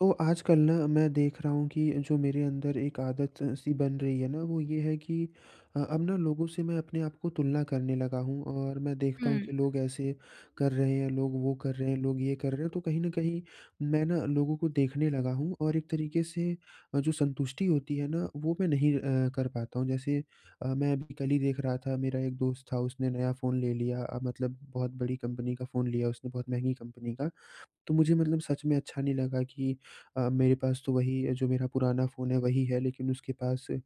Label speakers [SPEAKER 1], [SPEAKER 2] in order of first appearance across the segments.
[SPEAKER 1] तो आजकल ना, मैं देख रहा हूँ कि जो मेरे अंदर एक आदत-सी बन रही है ना, वो ये है कि अ, अब ना लोगों से मैं अपने आप को तुलना करने लगा हूँ और मैं देखता हूँ
[SPEAKER 2] हुँ।
[SPEAKER 1] कि लोग ऐसे कर रहे हैं, लोग वो कर रहे हैं, लोग ये कर रहे हैं, तो कहीं न कहीं मैं ना, लोगों को देखने लगा हूँ और एक तरीके से अ, जो संतुष्टि होती है ना, वो मैं नहीं अ, कर पाता हूँ। जैसे अ, मैं अभी कल ही देख रहा था, मेरा एक दोस्त था, उसने नया फ़ोन ले लिया अ, मतलब बहुत बड़ी कंपनी का फ़ोन लिया उसने, बहुत महँगी कंपनी का। तो मुझे मतलब सच में अच्छा नहीं लगा कि अ मेरे पास तो वही जो मेरा पुराना फ़ोन है, वही है, लेकिन उसके पास उम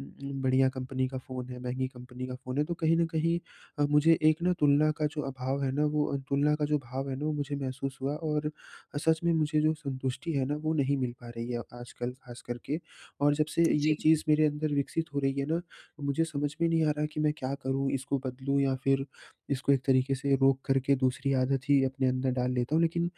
[SPEAKER 1] उम, बढ़िया कंपनी का फ़ोन है, महँगी कंपनी का फ़ोन है। तो कहीं न कहीं अ, मुझे एक ना, तुलना का जो अभाव है ना वो अ, तुलना का जो भाव है ना, वो मुझे महसूस हुआ और अ, सच में मुझे जो संतुष्टि है ना, वो नहीं मिल पा रही है आजकल, खासकर के। और जब से अ, ये
[SPEAKER 2] जी।
[SPEAKER 1] चीज़ मेरे अंदर विकसित हो रही है ना, मुझे समझ में नहीं आ रहा कि मैं क्या करूँ? इसको बदलूँ या फिर इसको एक तरीके से रोक करके, दूसरी आदत ही अपने अंदर डाल लेता हूँ। लेकिन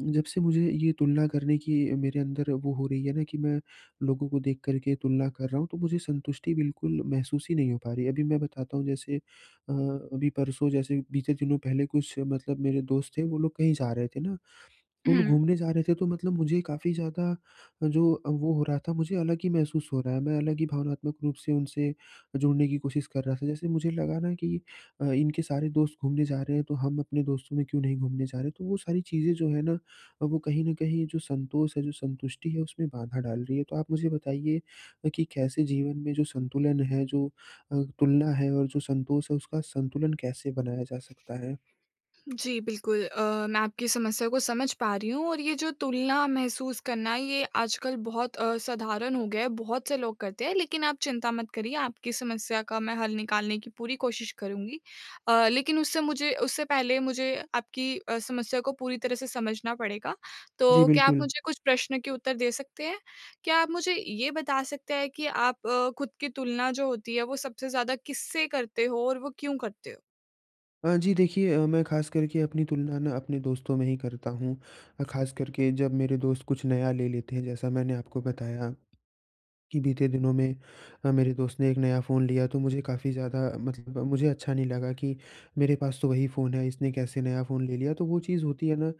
[SPEAKER 1] जब से मुझे ये तुलना करने की मेरे अंदर वो हो रही है ना कि मैं लोगों को देखकर के तुलना कर रहा हूँ, तो मुझे संतुष्टि बिल्कुल महसूस ही नहीं हो पा रही है। अभी मैं बताता हूँ, जैसे अ, अभी परसों, जैसे बीते दिनों पहले, कुछ मतलब मेरे दोस्त थे, वो लोग कहीं जा रहे थे ना, वो लोग
[SPEAKER 2] हुँ।
[SPEAKER 1] घूमने जा रहे थे। तो मतलब मुझे काफ़ी ज़्यादा जो अ, वो हो रहा था, मुझे अलग ही महसूस हो रहा है, मैं अलग ही भावनात्मक रूप से उनसे जुड़ने की कोशिश कर रहा था। जैसे मुझे लगा ना कि अ, "इनके सारे दोस्त घूमने जा रहे हैं, तो हम अपने दोस्तों में क्यों नहीं घूमने जा रहे?" तो वो सारी चीज़ें जो हैं ना अ, वो कहीं न कहीं, जो संतोष है, जो संतुष्टि है, उसमें बाधा डाल रही है। तो आप मुझे बताइए कि कैसे जीवन में जो संतुलन है, जो अ, तुलना है और जो संतोष है, उसका संतुलन कैसे बनाया जा सकता है?
[SPEAKER 2] जी, बिल्कुल अ, मैं आपकी समस्या को समझ पा रही हूँ और ये जो तुलना महसूस करना, ये आजकल बहुत अ, साधारण हो गया है, बहुत से लोग करते हैं। लेकिन आप चिंता मत करिए, आपकी समस्या का मैं हल निकालने की पूरी कोशिश करुँगी। अ, लेकिन उससे मुझे उससे पहले मुझे आपकी अ, समस्या को पूरी तरह से समझना पड़ेगा।
[SPEAKER 1] जी,
[SPEAKER 2] तो क्या आप
[SPEAKER 1] बिल्कुल।
[SPEAKER 2] मुझे कुछ प्रश्न के उत्तर दे सकते हैं? क्या आप मुझे ये बता सकते हैं कि आप अ, खुद की तुलना जो होती है, वो सबसे ज़्यादा किससे करते हो और वो क्यों करते हो?
[SPEAKER 1] अ, जी देखिए अ, मैं ख़ास करके अपनी तुलना ना अपने दोस्तों में ही करता हूँ अ, ख़ास कर के जब मेरे दोस्त कुछ नया ले लेते हैं। जैसा मैंने आपको बताया कि बीते दिनों में अ, मेरे दोस्त ने एक नया फ़ोन लिया तो मुझे काफ़ी ज़्यादा मतलब ब मुझे अच्छा नहीं लगा कि मेरे पास तो वही फ़ोन है, इसने कैसे नया फ़ोन ले लिया। तो वो चीज़ होती है ना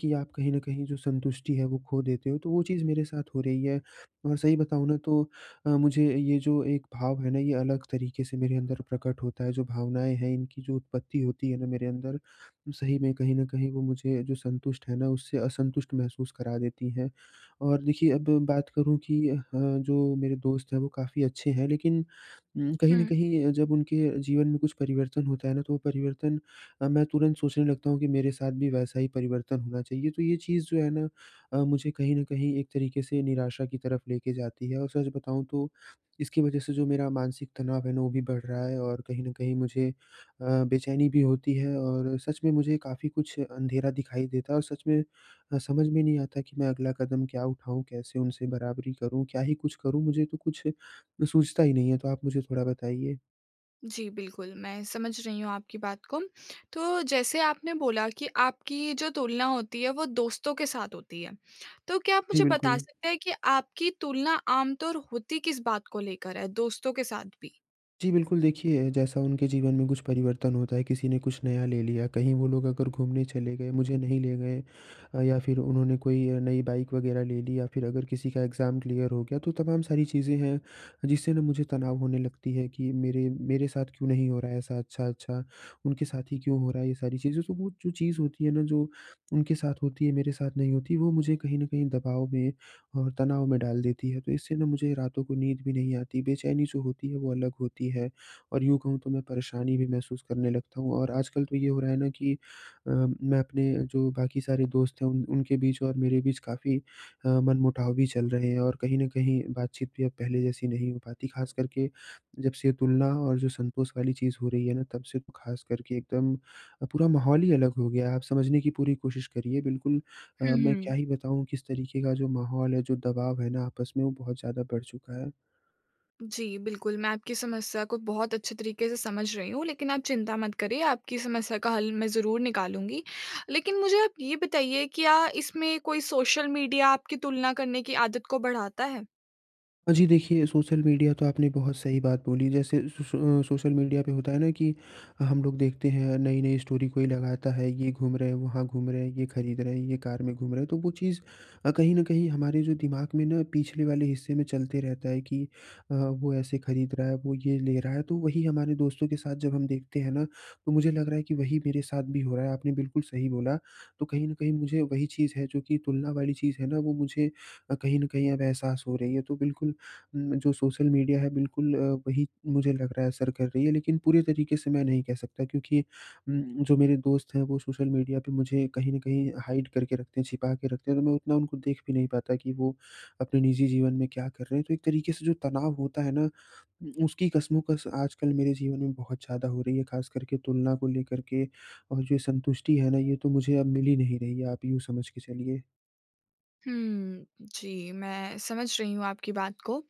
[SPEAKER 1] कि आप कहीं न कहीं जो संतुष्टि है वो खो देते हो, तो वो चीज़ मेरे साथ हो रही है। और सही बताऊँ ना तो अ, मुझे ये जो एक भाव है ना ये अलग तरीके से मेरे अंदर प्रकट होता है। जो भावनाएँ हैं इनकी जो उत्पत्ति होती है ना मेरे अंदर, वो सही में कहीं न कहीं वो मुझे जो संतुष्ट है ना, उससे असंतुष्ट महसूस करा देती हैं। और देखिए अब बात करूँ कि अ, जो मेरे दोस्त हैं वो काफ़ी अच्छे हैं लेकिन उम, कहीं न
[SPEAKER 2] हुँ।
[SPEAKER 1] कहीं जब उनके जीवन में कुछ परिवर्तन होता है ना तो वो परिवर्तन अ, मैं तुरंत सोचने लगता हूँ कि मेरे साथ भी वैसा ही परिवर्तन होना चाहिए। तो ये चीज़ जो है ना अ, मुझे कहीं न कहीं एक तरीके से निराशा की तरफ लेके जाती है। और सच बताऊँ तो इसकी वज़ह से जो मेरा मानसिक तनाव है ना वो भी बढ़ रहा है और कहीं न कहीं मुझे अ, बेचैनी भी होती है। और सच में मुझे काफ़ी कुछ अँधेरा दिखाई देता है और सच में अ, समझ में नहीं आता कि मैं अगला कदम क्या उठाऊँ? कैसे उनसे बराबरी करूँ, क्या ही कुछ करूँ? मुझे तो कुछ सूझता ही नहीं है, तो आप मुझे थोड़ा बताइए?
[SPEAKER 2] जी, बिल्कुल मैं समझ रही हूँ आपकी बात को। तो जैसे आपने बोला कि आपकी ये जो तुलना होती है वो दोस्तों के साथ होती है, तो क्या आप
[SPEAKER 1] जी,
[SPEAKER 2] मुझे बता
[SPEAKER 1] बिल्कुल।
[SPEAKER 2] सकते हैं कि आपकी तुलना आमतौर होती किस बात को लेकर है दोस्तों के साथ भी?
[SPEAKER 1] जी, बिल्कुल देखिए, जैसा उनके जीवन में कुछ परिवर्तन होता है किसी ने कुछ नया ले लिया, कहीं वो लोग अगर घूमने चले गए मुझे नहीं ले गए अ, या फिर उन्होंने कोई अ, नई बाइक वग़ैरह ले ली या फिर अगर किसी का एग्ज़ाम क्लियर हो गया, तो तमाम सारी चीज़ें हैं, जिससे ना मुझे तनाव होने लगती है कि मेरे मेरे साथ क्यों नहीं हो रहा है ऐसा अच्छा-अच्छा, उनके साथ ही क्यों हो रहा है? ये सारी चीज़ें। तो वो जो चीज़ होती है ना जो उनके साथ होती है मेरे साथ नहीं होती, वो मुझे कहीं न कहीं दबाव में और तनाव में डाल देती है। तो इससे ना मुझे रातों को नींद भी नहीं आती बेचैनी जो होती है, वो अलग होती है और यूँ कहूँ तो मैं परेशानी भी महसूस करने लगता हूँ और आजकल तो ये हो रहा है ना कि अ, मैं अपने अ, जो बाकी सारे दोस्त हैं उन उनके बीच और मेरे बीच काफ़ी अ, मनमुटाव भी चल रहे हैं और कहीं न कहीं बातचीत भी अब पहले जैसी नहीं हो पाती। ख़ासकर के जब से तुलना और जो संतोष वाली चीज़ हो रही है ना, तब से ख़ासकर के एकदम अ, पूरा माहौल ही अलग हो गया है। आप समझने की पूरी कोशिश करिए बिल्कुल अ,
[SPEAKER 2] हुँ,
[SPEAKER 1] मैं क्या
[SPEAKER 2] हुँ।
[SPEAKER 1] ही बताऊँ किस तरीके का जो माहौल है जो दबाव है ना आपस में, वो बहुत ज़्यादा बढ़ चुका है।
[SPEAKER 2] जी, बिल्कुल मैं आपकी समस्या को बहुत अच्छे तरीके से समझ रही हूँ लेकिन आप चिंता मत करिए, आपकी समस्या का हल मैं ज़रूर निकालूँगी। लेकिन मुझे आप ये बताइए क्या इसमें कोई सोशल मीडिया आपकी तुलना करने की आदत को बढ़ाता है?
[SPEAKER 1] अ, जी, देखिए, सोशल मीडिया तो आपने बहुत सही बात बोली। जैसे स सो सोशल मीडिया पे होता है ना कि अ, हम लोग देखते हैं नई-नई स्टोरी कोई लगाता है, ये घूम रहे हैं, वहाँ घूम रहे हैं, ये खरीद रहे हैं, ये कार में घूम रहे हैं। तो वो चीज़ अ, कहीं न कहीं हमारे जो दिमाग़ में ना पिछले वाले हिस्से में चलते रहता है कि अ, वो ऐसे खरीद रहा है, वो ये ले रहा है। तो वही हमारे दोस्तों के साथ जब हम देखते हैं ना तो, मुझे लग रहा है कि वही मेरे साथ भी हो रहा है। आपने बिल्कुल सही बोला। तो कहीं न कहीं मुझे वही चीज़ है जो कि तुलना वाली चीज़ है ना वो मुझे अ, कहीं न कहीं अब एहसास हो रही है तो बिल्कुल उम, जो सोशल मीडिया है बिल्कुल अ, वही मुझे लग रहा है असर कर रही है। लेकिन पूरे तरीके से मैं नहीं कह सकता क्योंकि उम, जो मेरे दोस्त हैं वो सोशल मीडिया पे मुझे कहीं न कहीं हाइड करके रखते हैं, छिपा के रखते हैं, तो मैं उतना उनको देख भी नहीं पाता कि वो अपने निजी जीवन में क्या कर रहे हैं। तो एक तरीके से जो तनाव होता है ना, उ उसकी कशमकश आजकल मेरे जीवन में बहुत ज़्यादा हो रही है। ख़ास कर के तुलना को लेकर के और जो संतुष्टि है ना, ये तो मुझे अब मिल ही नहीं रही है, आप यूँ समझ के चलिए।
[SPEAKER 2] हुँ। जी मैं समझ रही हूँ आपकी बात को।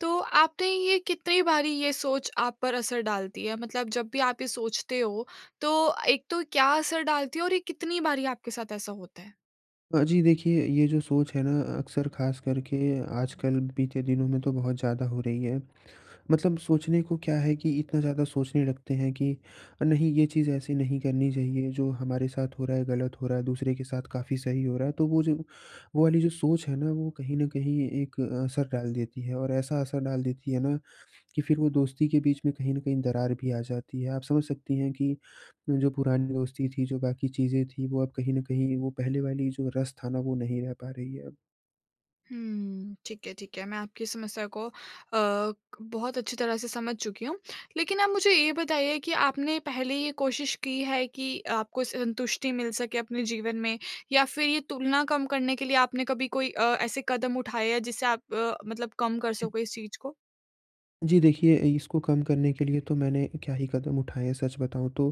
[SPEAKER 2] तो आपने ये कितनी बारी ये सोच आप पर असर डालती है? मतलब जब भी आप ये सोचते हो तो एक तो क्या असर डालती है और ये कितनी बारी आपके साथ ऐसा होता है?
[SPEAKER 1] हाँ जी। देखिए ये जो सोच है ना अक्सर ख़ासकर के आजकल बीते दिनों में तो बहुत ज़्यादा हो रही है। मतलब सोचने को क्या है कि इतना ज़्यादा सोचने लगते हैं कि नहीं ये चीज़ ऐसी नहीं करनी चाहिए, जो हमारे साथ हो रहा है गलत हो रहा है, दूसरे के साथ काफ़ी सही हो रहा है। तो वो जो, वो वाली जो सोच है ना वो कहीं न कहीं एक असर डाल देती है। और ऐसा असर डाल देती है ना कि फिर वो दोस्ती के बीच में कहीं न कहीं दरार भी आ जाती है। आप समझ सकती हैं कि जो पुरानी दोस्ती थी, जो बाकी चीज़ें थी वो अब कहीं न कहीं वो पहले वाली जो रस था ना वो नहीं रह पा रही है अब।
[SPEAKER 2] हुँ। ठीक है ठीक है। मैं आपकी समस्या को अ, क बहुत अच्छी तरह से समझ चुकी हूँ। लेकिन आप मुझे ये बताइए कि आपने पहले ये कोशिश की है कि आपको संतुष्टि मिल सके अपने जीवन में? या फिर ये तुलना कम करने के लिए आपने कभी कोई अ, ऐसे कदम उठाए हैं जिससे आप अ, मतलब कम कर सको इस चीज़ को?
[SPEAKER 1] जी देखिए, इसको कम करने के लिए तो मैंने क्या ही कदम उठाए हैं सच बताऊँ तो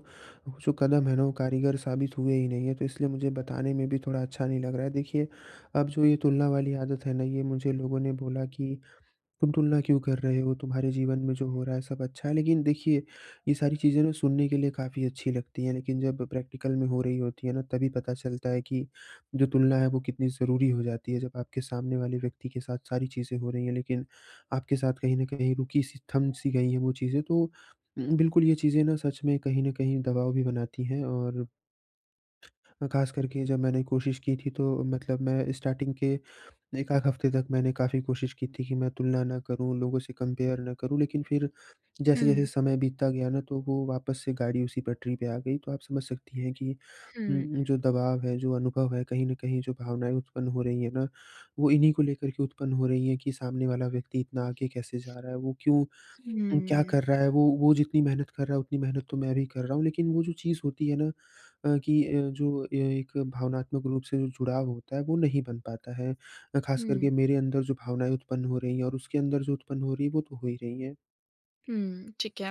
[SPEAKER 1] जो कदम है ना वो कारीगर साबित हुए ही नहीं है। तो इसलिए मुझे बताने में भी थोड़ा अच्छा नहीं लग रहा है। देखिए, अब जो ये तुलना वाली आदत है ना ये मुझे लोगों ने बोला कि तुम तुलना क्यों कर रहे हो? तुम्हारे जीवन में जो हो रहा है सब अच्छा है। लेकिन देखिए ये सारी चीज़ें ना सुनने के लिए काफ़ी अच्छी लगती हैं लेकिन जब प्रैक्टिकल में हो रही होती है ना तभी पता चलता है कि जो तुलना है वो कितनी ज़रूरी हो जाती है। जब आपके सामने वाले व्यक्ति के साथ सारी चीज़ें हो रही हैं लेकिन आपके साथ कहीं न कहीं रुकी-सी, थम-सी गई है वो चीज़ें तो उम, बिल्कुल ये चीज़ें ना सच में कहीं न कहीं दबाव भी बनाती हैं। और अ, ख़ास करके जब मैंने कोशिश की थी तो मतलब मैं स्टार्टिंग के एक आध हफ़्ते तक मैंने काफ़ी कोशिश की थी कि मैं तुलना ना करूँ, लोगों से कंपेयर ना करूँ। लेकिन फिर जैसे-जैसे
[SPEAKER 2] हुँ।
[SPEAKER 1] समय बीतता गया ना तो वो वापस से गाड़ी उसी पटरी पे आ गई। तो आप समझ सकती हैं कि
[SPEAKER 2] हुँ।
[SPEAKER 1] उम, जो दबाव है जो अनुभव है कहीं न कहीं जो भावनाएँ उत्पन्न हो रही है ना वो इन्हीं को लेकर के उत्पन्न हो रही हैं। कि सामने वाला व्यक्ति इतना आगे कैसे जा रहा है? वो क्यों क्या
[SPEAKER 2] हुँ।
[SPEAKER 1] कर रहा है? वो वो जितनी मेहनत कर रहा है उतनी मेहनत तो मैं भी कर रहा हूँ। लेकिन वो जो चीज़ होती है ना अ, कि अ, जो एक भावनात्मक रूप से जो जुड़ाव होता है वो नहीं बन पाता है। अ, खास
[SPEAKER 2] हुँ।
[SPEAKER 1] करके मेरे अंदर जो भावनाएँ उत्पन्न हो रही हैं और उसके अंदर जो उत्पन्न हो रही है वो तो हो ही रही है।
[SPEAKER 2] हुँ, ठीक है।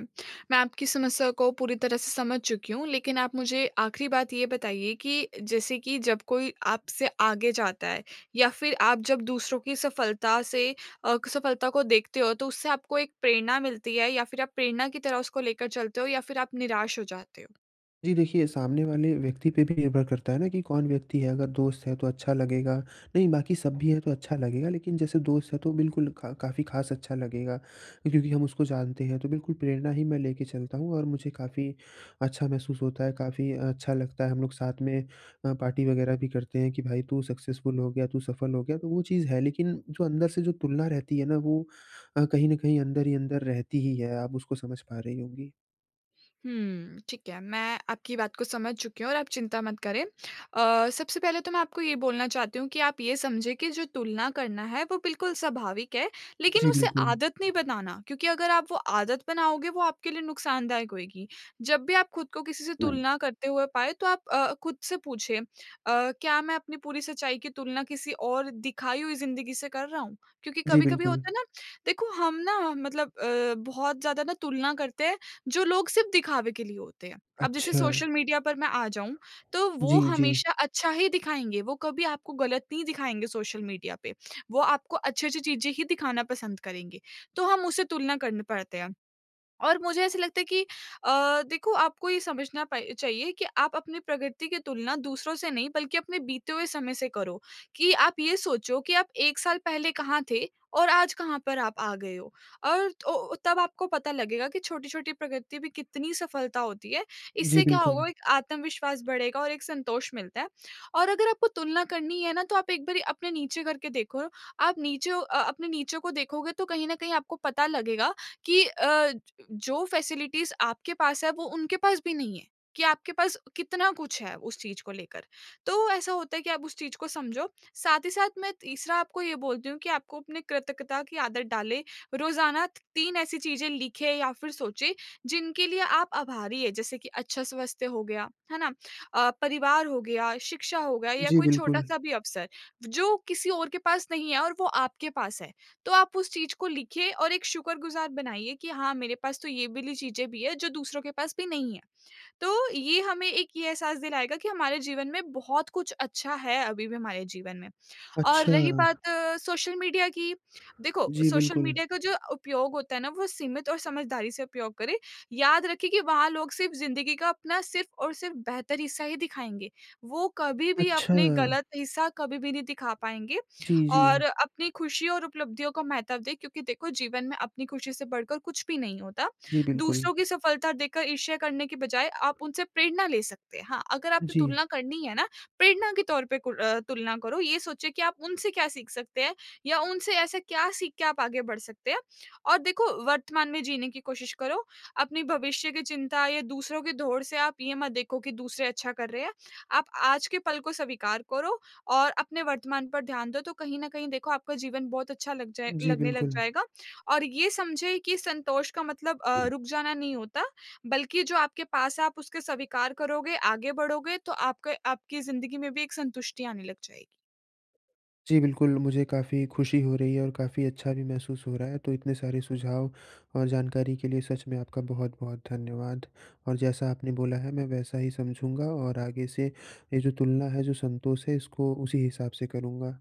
[SPEAKER 2] मैं आपकी समस्या को पूरी तरह से समझ चुकी हूँ। लेकिन आप मुझे आखिरी बात ये बताइए कि जैसे कि जब कोई आपसे आगे जाता है या फिर आप जब दूसरों की सफलता से अ, सफलता को देखते हो तो उससे आपको एक प्रेरणा मिलती है? या फिर आप प्रेरणा की तरह उसको लेकर चलते हो? या फिर आप निराश हो जाते हो?
[SPEAKER 1] जी, देखिए सामने वाले व्यक्ति पे भी निर्भर करता है ना कि कौन व्यक्ति है? अगर दोस्त है तो अच्छा लगेगा, नहीं बाकी सब भी है तो अच्छा लगेगा, लेकिन जैसे दोस्त है तो बिल्कुल क काफ़ी ख़ास अच्छा लगेगा। क्योंकि हम उसको जानते हैं तो बिल्कुल प्रेरणा ही मैं लेके चलता हूँ। और मुझे काफ़ी अच्छा महसूस होता है, काफ़ी अच्छा लगता है हम लोग साथ में अ, पार्टी वग़ैरह भी करते हैं कि भाई तू सक्सेसफुल हो गया, तू सफल हो गया तो वो चीज़ है, लेकिन जो अंदर से जो तुलना रहती है ना वो अ, कहीं न कहीं अंदर ही अंदर रहती ही है। आप उसको समझ पा रही होंगी।
[SPEAKER 2] हुँ, ठीक है। मैं आपकी बात को समझ चुकी हूँ और आप चिंता मत करें। अ, सबसे पहले तो मैं आपको ये बोलना चाहती हूँ कि आप ये समझें कि जो तुलना करना है वो बिल्कुल स्वाभाविक है लेकिन
[SPEAKER 1] जी
[SPEAKER 2] उसे
[SPEAKER 1] बिल्कुल।
[SPEAKER 2] आदत नहीं बनाना, क्योंकि अगर आप वो आदत बनाओगे वो आपके लिए नुकसानदायक होएगी। जब भी आप ख़ुद को किसी से
[SPEAKER 1] हुँ।
[SPEAKER 2] तुलना करते हुए पाए तो आप अ, ख़ुद से पूछिए अ, क्या मैं अपनी पूरी सच्चाई की तुलना किसी और दिखाई हुई ज़िंदगी से कर रहा हूँ। क्योंकि
[SPEAKER 1] जी
[SPEAKER 2] कभी-कभी
[SPEAKER 1] बिल्कुल।
[SPEAKER 2] होता है ना, देखो हम ना मतलब अ, बहुत ज़्यादा ना तुलना करते हैं जो लोग सिर्फ़ दिखावे के लिए होते हैं। अब जैसे सोशल
[SPEAKER 1] अच्छा।
[SPEAKER 2] मीडिया पर मैं आ जाऊँ तो वो
[SPEAKER 1] जी, जी।
[SPEAKER 2] हमेशा अच्छा ही दिखाएँगे, वो कभी आपको गलत नहीं दिखाएँगे सोशल मीडिया पे। वो आपको अच्छी-अच्छी चीज़ें ही दिखाना पसंद करेंगे, तो हम उसे तुलना करने पड़ते हैं। और मुझे ऐसा लगता है कि अ, देखो आपको ये समझना प चाहिए कि आप अपनी प्रगति की तुलना दूसरों से नहीं बल्कि अपने बीते हुए समय से करो कि आप ये सोचो कि आप 1 साल पहले कहाँ थे और आज कहाँ पर आप आ गए हो, और तो तब आपको पता लगेगा कि छोटी-छोटी प्रगति भी कितनी सफलता होती है।
[SPEAKER 1] जी,
[SPEAKER 2] इससे क्या
[SPEAKER 1] बिल्कुल।
[SPEAKER 2] होगा एक आत्मविश्वास बढेगा और एक संतोष मिलता है। और अगर आपको तुलना करनी है ना तो आप एक बारी अपने नीचे करके देखो आप नीचों अ अ, अपने नीचों को देखोगे तो कहीं न कहीं आपको पता लगेगा कि अ, ज जो फ़ेेसिलिटीज़ आपके पास है वो उनके पास भी नहीं है कि आपके पास कितना कुछ है उस चीज़ को लेकर। तो ऐसा होता है कि आप उस चीज़ को समझो। साथ ही साथ मैं तीसरा आपको ये बोलती हूँ कि आपको अपनी कृतज्ञता की आदत डालें। रोजाना 3 ऐसी चीज़ें लिखें या फिर सोचें जिनके लिए आप आभारी हैं। जैसे कि अच्छा स्वस्थ्य हो गया, है ना? अ, परिवार हो गया, शिक्षा हो गया या
[SPEAKER 1] जी,
[SPEAKER 2] कोई
[SPEAKER 1] बिल्कुल।
[SPEAKER 2] छोटा-सा भी अवसर, जो किसी और के पास नहीं है और वो आपके पास है। तो आप उस चीज़ को लिखिए और एक शुक्रगुज़ार बनाइए कि हाँ, मेरे पास तो ये वाली चीज़ें भी हैं जो दूसरों के पास भी नहीं है। तो ये हमें एक ये एहसास दिलाएगा कि हमारे जीवन में बहुत कुछ अच्छा है अभी भी हमारे जीवन में। और रही
[SPEAKER 1] अच्छा।
[SPEAKER 2] बात सोशल मीडिया की, देखो
[SPEAKER 1] जी,
[SPEAKER 2] सोशल
[SPEAKER 1] बिल्कुल।
[SPEAKER 2] मीडिया का जो उपयोग होता है ना वो सीमित और समझदारी से उपयोग करें। याद रखें कि वहाँ लोग सिर्फ़ ज़िंदगी का अपना सिर्फ़ और सिर्फ़ बेहतर हिस्सा ही दिखाएँगे। वो कभी भी अपने
[SPEAKER 1] अच्छा।
[SPEAKER 2] गलत हिस्सा कभी भी नहीं दिखा पाएँगे
[SPEAKER 1] जी,
[SPEAKER 2] और
[SPEAKER 1] जी।
[SPEAKER 2] अपनी खुशी और उपलब्धियों का महत्व दें क्योंकि देखो जीवन में अपनी खुशी से बढ़कर कुछ भी नहीं होता।
[SPEAKER 1] जी बिल्कुल।
[SPEAKER 2] दूसरों की सफलता देखकर ईर्ष्या करने की बजाय आप उनसे प्रेरणा ले सकते हैं। हाँ, अगर आपने
[SPEAKER 1] जी।
[SPEAKER 2] तुलना करनी है ना, प्रेरणा के तौर पे कुर अ, तुलना करो ये सोचें कि आप उनसे क्या सीख सकते हैं या उनसे ऐसा क्या सीख के आप आगे बढ़ सकते हैं। और देखो वर्तमान में जीने की कोशिश करो, अपने भविष्य की चिंता या दूसरों की दौड़ से आप ये मत देखो कि दूसरे अच्छा कर रहे हैं। आप आज के पल को स्वीकार करो और अपने वर्तमान पर ध्यान दो तो कहीं न कहीं देखो आपका जीवन बहुत अच्छा लग जाए
[SPEAKER 1] जी,
[SPEAKER 2] लगने लग
[SPEAKER 1] बिल्कुल।
[SPEAKER 2] जाएगा और ये समझे कि संतोष का मतलब अ,
[SPEAKER 1] हुँ।
[SPEAKER 2] रुक जाना नहीं होता बल्कि जो आपके पास है आप उसके स्वीकार करोगे, आगे बढ़ोगे तो आपके आपकी ज़िंदगी में भी एक संतुष्टि आने लग जाएगी।
[SPEAKER 1] जी बिल्कुल, मुझे काफ़ी खुशी हो रही है और काफ़ी अच्छा भी महसूस हो रहा है। तो इतने सारे सुझाव और जानकारी के लिए सच में आपका बहुत-बहुत धन्यवाद। और जैसा आपने बोला है मैं वैसा ही समझूँगा और आगे से ये जो तुलना है, जो संतोष है इसको उसी हिसाब से करूँगा।